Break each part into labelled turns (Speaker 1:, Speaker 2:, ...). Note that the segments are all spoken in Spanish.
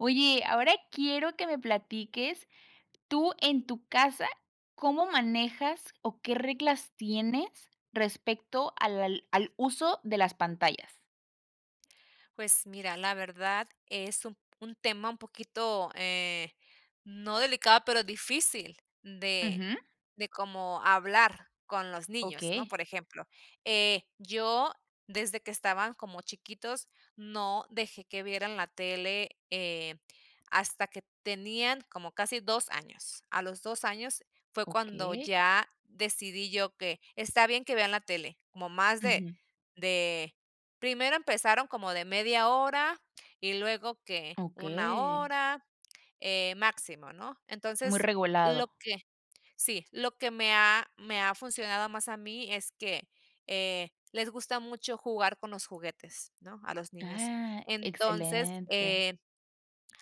Speaker 1: Oye, ahora quiero que me platiques, tú en tu casa, ¿cómo manejas o qué reglas tienes respecto al al al uso de las pantallas?
Speaker 2: Pues, mira, la verdad es un un tema un poquito, eh, no delicado, pero difícil de
Speaker 1: Ujú.
Speaker 2: de como hablar con los niños, ¿no?,
Speaker 1: Okey.
Speaker 2: por ejemplo, eh, yo desde que estaban como chiquitos, no dejé que vieran la tele, eh, hasta que tenían como casi 2 años. A los 2 años fue cuando
Speaker 1: Okey.
Speaker 2: ya decidí yo que está bien que vean la tele como más de
Speaker 1: Ujú.
Speaker 2: de primero empezaron como de media hora y luego que 1
Speaker 1: Okey.
Speaker 2: hora, eh, máximo, ¿no?
Speaker 1: Muy
Speaker 2: Entonces, lo
Speaker 1: regulado.
Speaker 2: que Sí, lo que me ha me ha funcionado más, a mí, es que, eh, les gusta mucho jugar con los juguetes, ¿no?, a los niños.
Speaker 1: Ah,
Speaker 2: Entonces,
Speaker 1: excelente.
Speaker 2: eh,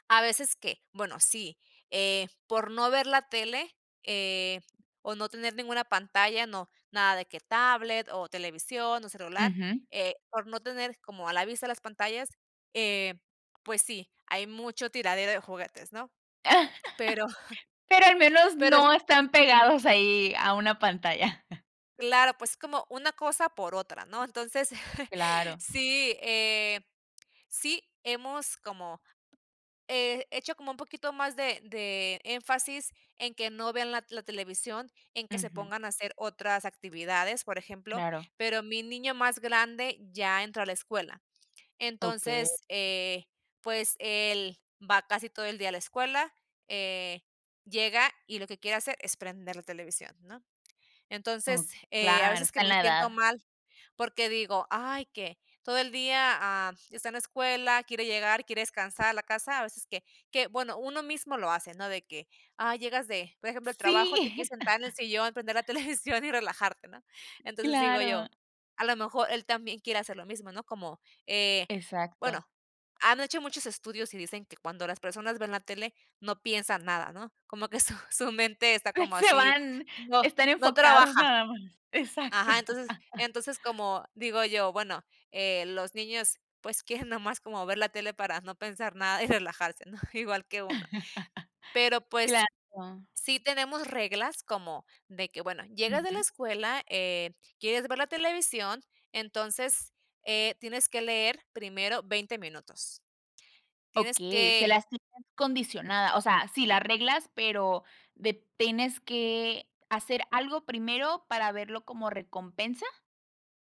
Speaker 2: a veces que, bueno, sí, eh, por no ver la tele, eh, o no tener ninguna pantalla, no, nada de que tablet, o televisión, o celular,
Speaker 1: Ujú.
Speaker 2: eh, por no tener como a la vista las pantallas, eh, pues, sí, hay mucho tiradero de juguetes, ¿no? Pero
Speaker 1: Pero al menos
Speaker 2: pero es
Speaker 1: no están pegados ahí, a una pantalla.
Speaker 2: Claro, pues, es como una cosa por otra, ¿no? Entonces
Speaker 1: Claro.
Speaker 2: sí, eh, sí, hemos como, eh, hecho como un poquito más de de énfasis en que no vean la la televisión, en que se
Speaker 1: Ujú.
Speaker 2: pongan a hacer otras actividades, por ejemplo.
Speaker 1: Claro.
Speaker 2: Pero mi niño más grande ya entró a la escuela.
Speaker 1: Okey.
Speaker 2: Entonces, eh, pues, él va casi todo el día a la escuela, eh, llega y lo que quiere hacer es prender la televisión, ¿no?
Speaker 1: Oh,
Speaker 2: Entonces, eh, a
Speaker 1: claro,
Speaker 2: veces, que
Speaker 1: está en
Speaker 2: me
Speaker 1: la edad.
Speaker 2: siento mal porque digo: "Ay, que todo el día, ah, está en la escuela, quiere llegar, quiere descansar, a la casa", a veces que que, bueno, uno mismo lo hace, no de que, ah, llegas de, por ejemplo, el trabajo. Te quieres
Speaker 1: ¡Sí!
Speaker 2: sentar en el sillón, prender la televisión y relajarte, ¿no? Entonces, digo
Speaker 1: Claro.
Speaker 2: yo, a lo mejor él también quiere hacer lo mismo, ¿no?, como, eh,
Speaker 1: Exacto.
Speaker 2: bueno, han hecho muchos estudios y dicen que cuando las personas ven la tele no piensan nada, ¿no?, como que su su mente está como
Speaker 1: Se
Speaker 2: así
Speaker 1: van.
Speaker 2: no,
Speaker 1: Están
Speaker 2: no
Speaker 1: enfocados,
Speaker 2: trabaja
Speaker 1: nada más exacto.
Speaker 2: Ajá. Entonces entonces, como digo yo: "Bueno, eh, los niños, pues, quieren nada más como ver la tele para no pensar nada y relajarse", ¿no?, igual que uno. Pero, pues,
Speaker 1: Claro.
Speaker 2: sí tenemos reglas, como de que, bueno, llegas de la
Speaker 1: Ujú.
Speaker 2: escuela, eh, quieres ver la televisión. Entonces, eh, tienes que leer, primero, 20 minutos, tienes
Speaker 1: Okey, se
Speaker 2: que
Speaker 1: las tienen condicionada, o sea, sí, las reglas, pero de, tienes que hacer algo primero, ¿para verlo como recompensa?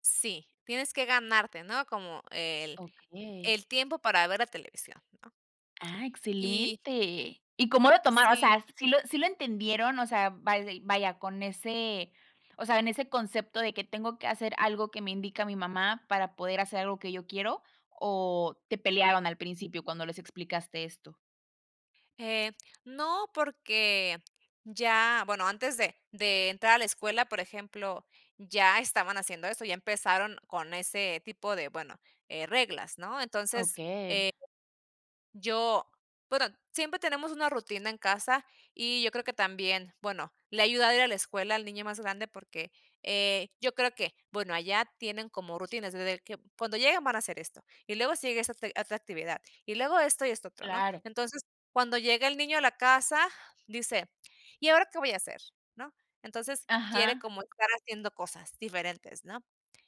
Speaker 2: Sí, tienes que ganarte, ¿no?, como el
Speaker 1: Okey.
Speaker 2: el tiempo para ver la televisión, ¿no?
Speaker 1: Ah,
Speaker 2: Y
Speaker 1: excelente. ¿Y cómo lo tomaron? O
Speaker 2: Sí.
Speaker 1: sea, ¿sí lo sí lo entendieron? O sea, vaidei vaya con ese o sea, en ese concepto de que: "Tengo que hacer algo que me indica mi mamá para poder hacer algo que yo quiero" o ¿te pelearon al principio cuando les explicaste esto?
Speaker 2: Eh, no, porque ya bueno, antes de de entrar a la escuela, por ejemplo, ya estaban haciendo eso. Ya empezaron con ese tipo de bueno, eh, reglas, ¿no? Entonces,
Speaker 1: Okey.
Speaker 2: eh ...yo bueno, siempre tenemos una rutina en casa y yo creo que también bueno, le ha ayudado ir a la escuela al niño más grande porque eh, yo creo que bueno, allá tienen como rutinas, desde que cuando lleguen van a hacer esto y luego sí llega esa otr otra actividad y luego esto y esto otro, ¿no?
Speaker 1: Claro.
Speaker 2: Entonces cuando llega el niño a la casa, dice: "¿Y ahora qué voy a hacer?", ¿no? Entonces quiere
Speaker 1: Ajá.
Speaker 2: como estar haciendo cosas diferentes, ¿no?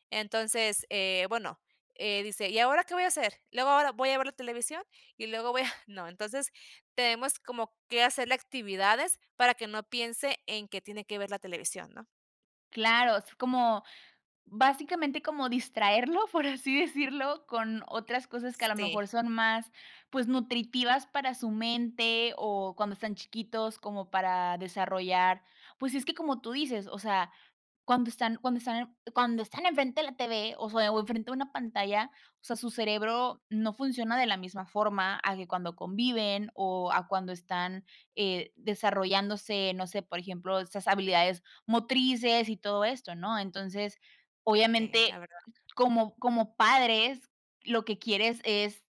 Speaker 2: Entonces, eh, bueno, eh, dice: "¿y ahora qué voy a hacer? Luego ahora voy a ver la televisión y luego voy a" no. Entonces tenemos como que hacer actividades para que no piense en que tiene que ver la televisión, ¿no?
Speaker 1: Claro, es como básicamente como distraerlo, por así decirlo, con otras cosas que a lo
Speaker 2: Sí.
Speaker 1: mejor son más, pues nutritivas para su mente o cuando están chiquitos como para desarrollar. Pues es que como tú dices, o sea, cuando están cuando están cuando están enfrente de la TV o sea o en frente de una pantalla, o sea, su cerebro no funciona de la misma forma a que cuando conviven o a cuando están, eh, desarrollándose, no sé, por ejemplo, esas habilidades motrices y todo esto, ¿no? Entonces,
Speaker 2: Sí,
Speaker 1: obviamente,
Speaker 2: la verdad.
Speaker 1: como como padres, lo que quieres es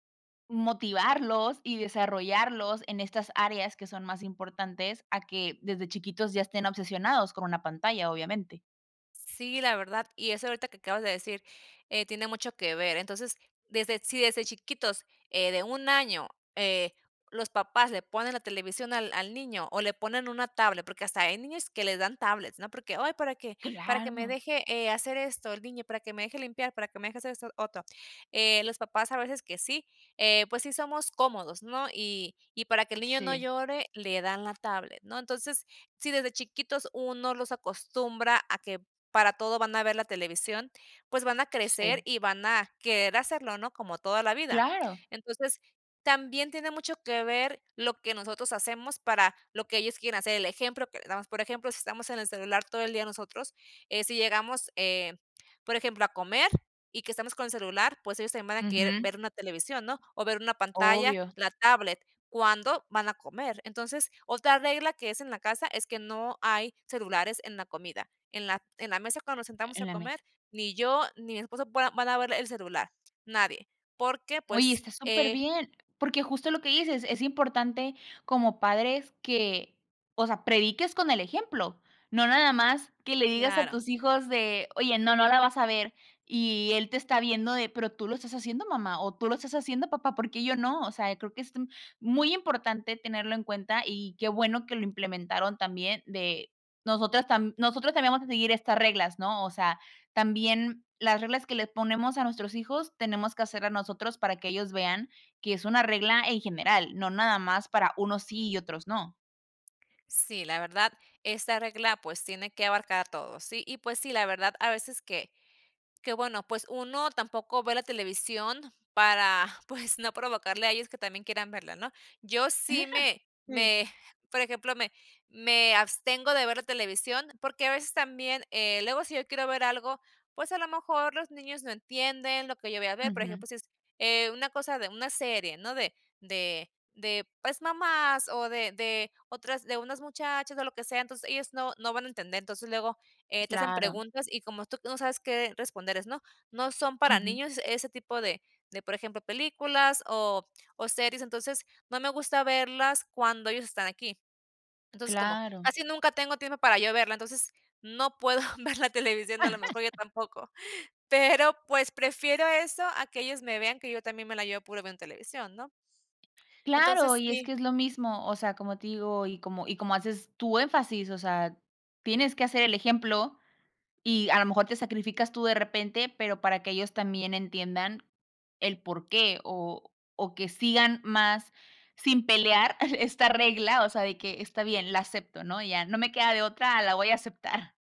Speaker 1: motivarlos y desarrollarlos en estas áreas que son más importantes a que desde chiquitos ya estén obsesionados con una pantalla, obviamente.
Speaker 2: Sí, la verdad. Y eso ahorita que acabas de decir, eh, tiene mucho que ver, entonces, desde Sí, desde chiquitos, eh, de un año, eh, los papás le ponen la televisión al al niño o le ponen una tablet, porque hasta hay niños que les dan tablets, ¿no? Porque: "Ay, para que, para que me
Speaker 1: Claro.
Speaker 2: deje, eh, hacer esto el niño, para que me deje limpiar, para que me deje hacer esto otro". Eh, los papás a veces que sí, eh, pues sí somos cómodos, ¿no? Y, y para que el niño no
Speaker 1: Sí.
Speaker 2: llore, le dan la tablet, ¿no? Entonces, sí, desde chiquitos uno los acostumbra a que, para todo van a ver la televisión, pues van a crecer
Speaker 1: Sí.
Speaker 2: y van a querer hacerlo, ¿no? Como toda la vida.
Speaker 1: Claro.
Speaker 2: Entonces, también tiene mucho que ver lo que nosotros hacemos para lo que ellos quieran hacer, el ejemplo que le damos, por ejemplo, si estamos en el celular todo el día nosotros, eh, si llegamos, eh, por ejemplo, a comer y que estamos con el celular, pues ellos también van a querer
Speaker 1: Ujú.
Speaker 2: ver una televisión, ¿no? O ver una pantalla,
Speaker 1: Obvio.
Speaker 2: la tablet cuando van a comer. Entonces, otra regla que es en la casa es que no hay celulares en la comida, en la en la mesa cuando nos
Speaker 1: E
Speaker 2: sentamos a
Speaker 1: en la
Speaker 2: comer,
Speaker 1: mesa.
Speaker 2: ni yo ni mi esposo voy van a ver el celular, nadie, porque
Speaker 1: Oye,
Speaker 2: pues,
Speaker 1: está
Speaker 2: eh
Speaker 1: superbién. Porque justo lo que dices, es importante como padres que, o sea, prediques con el ejemplo. No, nada más que le digas a
Speaker 2: Claro.
Speaker 1: tus hijos de "Oye, no, no la vas a ver". Y, él te está viendo de: "Pero tú lo estás haciendo mamá". O: "Tú lo estás haciendo papá, ¿por qué yo no?". O sea, creo que es t muy importante tenerlo en cuenta, y qué bueno que lo implementaron también de, nosotras tambi nosotros también vamos a seguir estas reglas, ¿no? O sea, también las reglas que les ponemos a nuestros hijos, tenemos que hacerlas nosotros para que ellos vean que es una regla en general, no nada más para unos sí y otros no.
Speaker 2: Sí, la verdad, esta regla, pues tiene que abarcar todo, sí. Y pues sí, la verdad, a veces que que, bueno, pues uno tampoco ve la televisión para pues no provocarle a ellos que también quieran verla, ¿no? Yo sí me
Speaker 1: Sí.
Speaker 2: me por ejemplo, me me abstengo de ver la televisión porque a veces también, eh, luego si yo quiero ver algo, pues a lo mejor los niños no entienden lo que yo voy a ver, por
Speaker 1: Ujú.
Speaker 2: ejemplo, si es, eh, una cosa de una serie, ¿no?, de de de pues, mamás o de de otras de unas muchachas o lo que sea, entonces ellos no no van a entender. Entonces luego, eh, te hacen
Speaker 1: Claro.
Speaker 2: preguntas y como tú no sabes qué responderles ¿no? No, son para
Speaker 1: Ujú.
Speaker 2: niños ese tipo de de, por ejemplo, películas o series. Entonces, no me gusta verlas cuando ellos están aquí. Entonces, como
Speaker 1: Claro.
Speaker 2: casi nunca tengo tiempo para yo verla entonces, no puedo ver la televisión a lo mejor yo tampoco, pero pues prefiero eso a que ellos me vean que yo también me la llevo puro viendo televisión, ¿no?
Speaker 1: Claro,
Speaker 2: Entonces
Speaker 1: y es
Speaker 2: sí.
Speaker 1: que es lo mismo. O sea, como te digo, y como y como haces tú énfasis, o sea, tienes que hacer el ejemplo y a lo mejor te sacrificas tú de repente, pero para que ellos también entiendan el porqué o o que sigan más sin pelear esta regla. O sea, de que: "Está bien, la acepto, ¿no?, ya no me queda de otra. La voy a aceptar".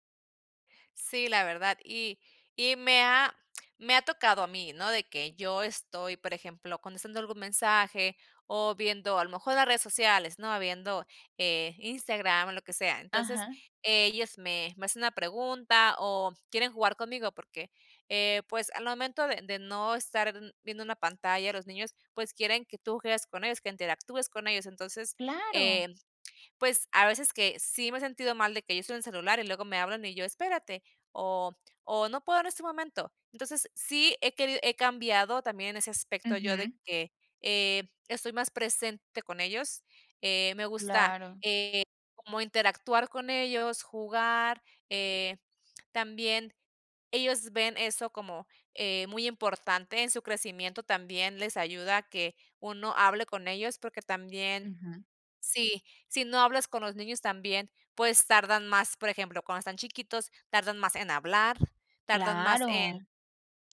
Speaker 2: Sí, la verdad. Y y me ha me ha tocado a mí, ¿no?, de que yo estoy, por ejemplo, contestando algún mensaje o viendo a lo mejor las redes sociales, ¿no?, viendo, eh, Instagram o lo que sea, entonces,
Speaker 1: Ajá.
Speaker 2: ellos me me hacen una pregunta o quieren jugar conmigo porque, eh, pues, al momento de de no estar viendo una pantalla, los niños, pues, quieren que tú juegues con ellos, que interactúes con ellos, entonces,
Speaker 1: Claro.
Speaker 2: eh, pues, a veces que sí me he sentido mal de que yo estoy en el celular y luego me hablan y yo: "Espérate", o o: "No puedo en este momento", entonces sí he querido he cambiado también en ese aspecto yo de
Speaker 1: Ujú.
Speaker 2: que, eh, estoy más presente con ellos, eh, me gusta,
Speaker 1: Claro.
Speaker 2: eh, como interactuar con ellos, jugar, eh, también ellos ven eso como, eh, muy importante en su crecimiento también les ayuda que uno hable con ellos porque también
Speaker 1: Ujú.
Speaker 2: Sí si no, hablas con los niños también, pues, tardan más por ejemplo, cuando están chiquitos, tardan más en hablar, tardan más en
Speaker 1: Claro.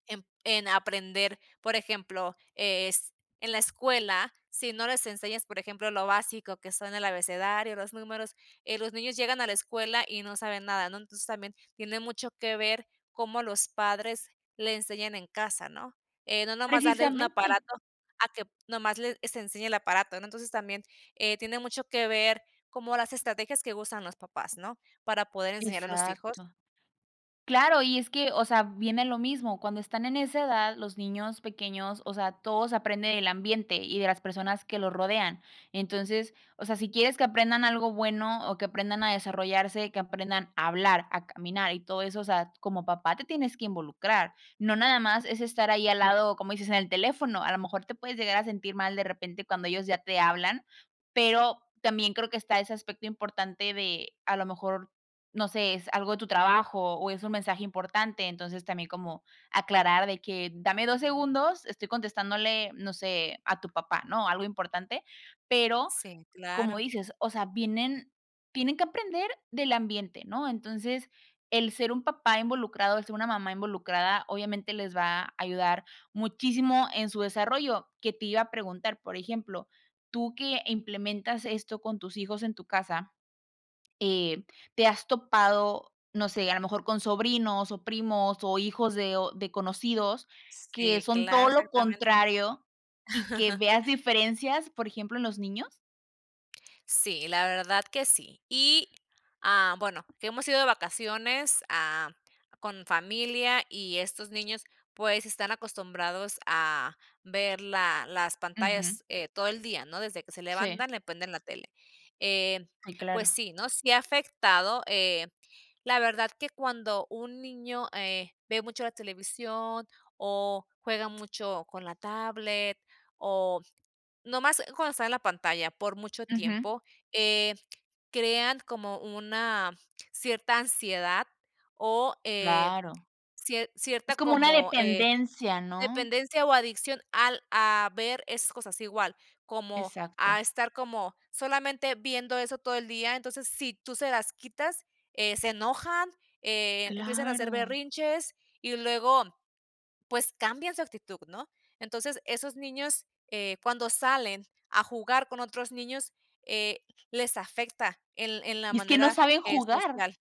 Speaker 2: en en aprender, por ejemplo, es en la escuela, si no les enseñas, por ejemplo, lo básico que son el abecedario, los números, eh, los niños llegan a la escuela y no saben nada, ¿no?, entonces, también tiene mucho que ver cómo los padres le enseñan en casa, ¿no?, eh, no nomás darle un
Speaker 1: Precisamente.
Speaker 2: aparato a que nomás le se enseñe el aparato, ¿no?, entonces también, eh, tiene mucho que ver como las estrategias que usan los papás, ¿no?, para poder enseñar a los hijos.
Speaker 1: Exacto. Claro, y es que o sea, viene lo mismo, cuando están en esa edad, los niños pequeños o sea, todo se aprende en el ambiente y de las personas que lo rodean, entonces o sea, si quieres que aprendan algo bueno o que aprendan a desarrollarse, que aprendan a hablar, a caminar y todo eso, o sea, como papá, te tienes que involucrar. No, nada más es estar ahí al
Speaker 2: [unintelligible]
Speaker 1: lado, como dices, en el teléfono, a lo mejor te puedes llegar a sentir mal de repente cuando ellos ya te hablan, pero, también creo que está ese aspecto importante de a lo mejor, no sé, es algo de tu trabajo o es un mensaje importante, entonces también como, aclarar de que: "Dame 2 segundos, estoy contestándole, no sé, a tu papá", ¿no?, algo importante, pero
Speaker 2: Sí,
Speaker 1: como
Speaker 2: claro.
Speaker 1: dices o sea, vienen tienen que aprender del ambiente, ¿no?, entonces el ser un papá involucrado, el ser una mamá involucrada obviamente les va a ayudar muchísimo en su desarrollo, que te iba a preguntar, por ejemplo, tú que implementas esto con tus hijos en tu casa, eh, ¿te has topado, no sé, a lo mejor con sobrinos, o primos, o hijos de o de conocidos que
Speaker 2: Sí,
Speaker 1: son
Speaker 2: claro,
Speaker 1: todo lo
Speaker 2: exactamente.
Speaker 1: contrario y que veas diferencias, por ejemplo, en los niños?
Speaker 2: Sí, la verdad que sí. Y, ah, bueno, hemos ido de vacaciones, ah, con familia, y estos niños, pues están acostumbrados a ver la las
Speaker 1: Ujú.
Speaker 2: pantallas, eh, todo el día, ¿no? Desde que se
Speaker 1: Sí.
Speaker 2: levantan, le prenden la tele, eh,
Speaker 1: Sí,
Speaker 2: pues
Speaker 1: claro.
Speaker 2: sí, ¿no? Sí ha afectado, eh, la verdad que cuando un niño, eh, ve mucho la televisión, o juega mucho con la tablet, o nomás cuando está en la pantalla por mucho
Speaker 1: Ujú.
Speaker 2: tiempo, eh, crean como una cierta ansiedad, o, eh,
Speaker 1: Claro.
Speaker 2: cier
Speaker 1: Es
Speaker 2: cierta
Speaker 1: como una
Speaker 2: como, eh,
Speaker 1: dependencia, ¿no?
Speaker 2: dependencia, o adicción al a ver esas cosas igual, como a
Speaker 1: Exacto.
Speaker 2: estar como, solamente viendo eso todo el día. Entonces, si tú se las quitas, eh, se enojan, eh, empiezan a hacer
Speaker 1: Claro.
Speaker 2: berrinches, y luego, pues cambian su actitud, ¿no? Entonces, esos niños, eh, cuando salen a jugar con otros niños, eh, les afecta en en la
Speaker 1: Y es que no
Speaker 2: manera,
Speaker 1: saben
Speaker 2: eh,
Speaker 1: jugar.
Speaker 2: social.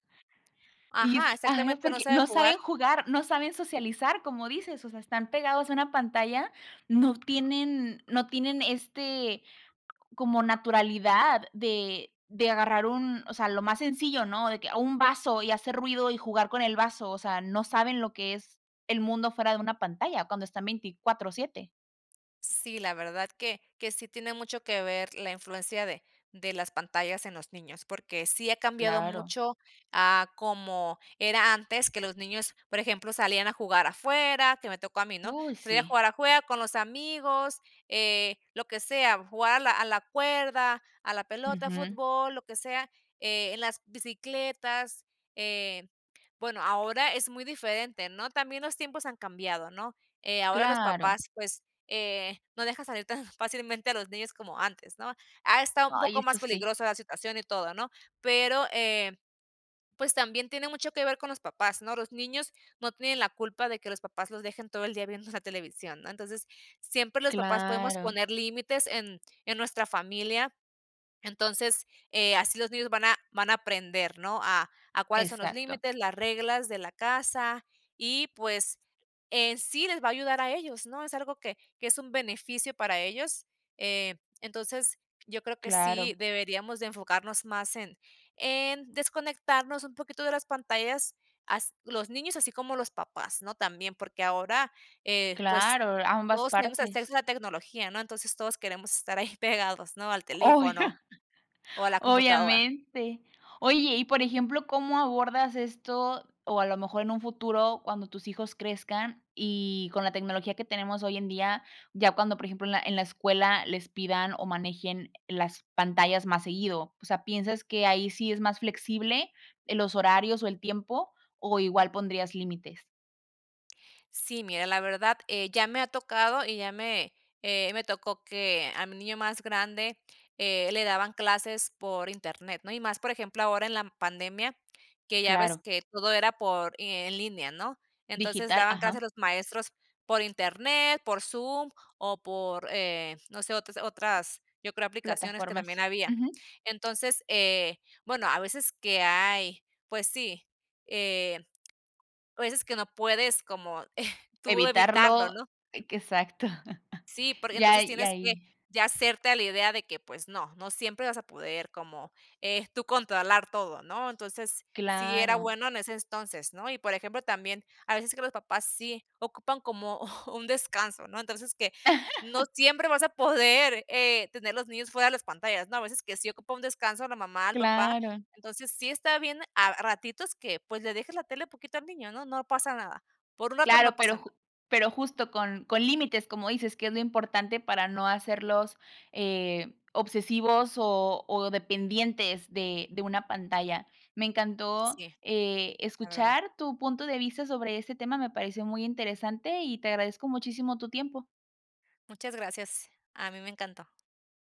Speaker 1: Y es
Speaker 2: Ajá,
Speaker 1: que ajá,
Speaker 2: exactamente, no
Speaker 1: porque
Speaker 2: sabe
Speaker 1: no saben
Speaker 2: jugar.
Speaker 1: jugar. No saben socializar como dices, o sea, están pegados a una pantalla. No tienen, no tienen, este, como naturalidad de de agarrar un o sea, lo más sencillo, ¿no? De que, un vaso y hacer ruido, y jugar con el vaso. O sea, no saben lo que es el mundo fuera de una pantalla, cuando están 24/7.
Speaker 2: Sí, la verdad que que sí tiene mucho que ver la influencia de de las pantallas en los niños porque sí ha cambiado
Speaker 1: Claro.
Speaker 2: mucho a como era antes que los niños por ejemplo, salían a jugar afuera, que me tocó a mí, ¿no?,
Speaker 1: Uy,
Speaker 2: salía a
Speaker 1: sí.
Speaker 2: jugar afuera con los amigos, eh lo que sea, jugar a la a la cuerda a la pelota,
Speaker 1: Ujú.
Speaker 2: fútbol, lo que sea, eh, en las bicicletas. Eh, bueno, ahora es muy diferente, ¿no?, también los tiempos han cambiado, ¿no?, eh, ahora los
Speaker 1: Claro.
Speaker 2: papás pues, eh, no dejan salir tan fácilmente a los niños como antes, ¿no?, ha estado un
Speaker 1: Ay,
Speaker 2: poco
Speaker 1: eso
Speaker 2: más
Speaker 1: sí.
Speaker 2: peligrosa la situación y todo, ¿no?, pero, eh pues también tiene mucho que ver con los papás, ¿no?, los niños no tienen la culpa de que los papás los dejen todo el día viendo la televisión, ¿no?, entonces siempre los papás podemos
Speaker 1: Claro.
Speaker 2: poner límites en en nuestra familia, entonces, eh, así los niños van a van a aprender, ¿no?, a a cuáles son los
Speaker 1: Exacto.
Speaker 2: límites, las reglas de la casa, y pues en sí les va a ayudar a ellos, ¿no?, es algo que que es un beneficio para ellos, eh, entonces yo creo que sí
Speaker 1: Claro.
Speaker 2: deberíamos de enfocarnos más en en desconectarnos un poquito de las pantallas, as los niños, así como los papás, ¿no?, también porque ahora, eh, pues
Speaker 1: Claro, ambas
Speaker 2: todos tenemos
Speaker 1: partes.
Speaker 2: acceso a la tecnología, ¿no?, entonces todos queremos estar ahí pegados, ¿no?, al
Speaker 1: Oh,
Speaker 2: teléfono
Speaker 1: ya.
Speaker 2: o a la computadora.
Speaker 1: Obviamente. Oye, y por ejemplo, ¿cómo abordas esto o a lo mejor en un futuro cuando tus hijos crezcan y con la tecnología que tenemos hoy en día, ya cuando, por ejemplo, en la en la escuela les pidan o manejen las pantallas más seguido? O sea, ¿piensas que ahí sí es más flexible en los horarios o el tiempo o igual pondrías límites?
Speaker 2: Sí, mira, la verdad, eh, ya me ha tocado, y ya me, eh, me tocó que, a mi niño más grande, eh, le daban clases por internet, ¿no? Y más, por ejemplo, ahora en la pandemia, que ya ves
Speaker 1: Claro.
Speaker 2: que todo era por en línea, ¿no? Entonces,
Speaker 1: Digital.
Speaker 2: daban clases a
Speaker 1: Ajá.
Speaker 2: los maestros por internet, por Zoom, o por, eh, no sé, o otras yo creo aplicaciones que también
Speaker 1: Plataformas,
Speaker 2: había.
Speaker 1: ujú.
Speaker 2: Entonces, eh, bueno, a veces que hay, pues sí, eh, a veces que no puedes como tú de evitarlo,
Speaker 1: Evitarlo,
Speaker 2: ¿no?
Speaker 1: eh, que exacto.
Speaker 2: Sí, porque,
Speaker 1: Ya,
Speaker 2: entonces,
Speaker 1: y
Speaker 2: tienes que
Speaker 1: ahí
Speaker 2: ya hacerte a la idea de que, pues, no, no siempre vas a poder como, eh, tú controlar todo, ¿no? Entonces sí era
Speaker 1: Claro.
Speaker 2: bueno en ese entonces, ¿no? Y por ejemplo, también, a veces que los papás sí ocupan como un descanso, ¿no? Entonces, que, no siempre vas a poder, eh, tener los niños fuera de las pantallas, no, a veces que sí ocupa un descanso a la mamá, el papá.
Speaker 1: Claro.
Speaker 2: Entonces sí está bien, a a ratitos que, pues le dejes la tele un poquito al niño, ¿no? No pasa nada, por un rato no
Speaker 1: Claro,
Speaker 2: pasa
Speaker 1: pero
Speaker 2: nada.
Speaker 1: ju pero justo con, con límites, como dices que es lo importante para no hacerlos, eh, obsesivos, o, o dependientes de, de una pantalla. Me encantó,
Speaker 2: Sí.
Speaker 1: eh,
Speaker 2: La verdad.
Speaker 1: escuchar tu punto de vista sobre ese tema, me pareció muy interesante y te agradezco muchísimo tu tiempo.
Speaker 2: Muchas gracias. A mí me encantó.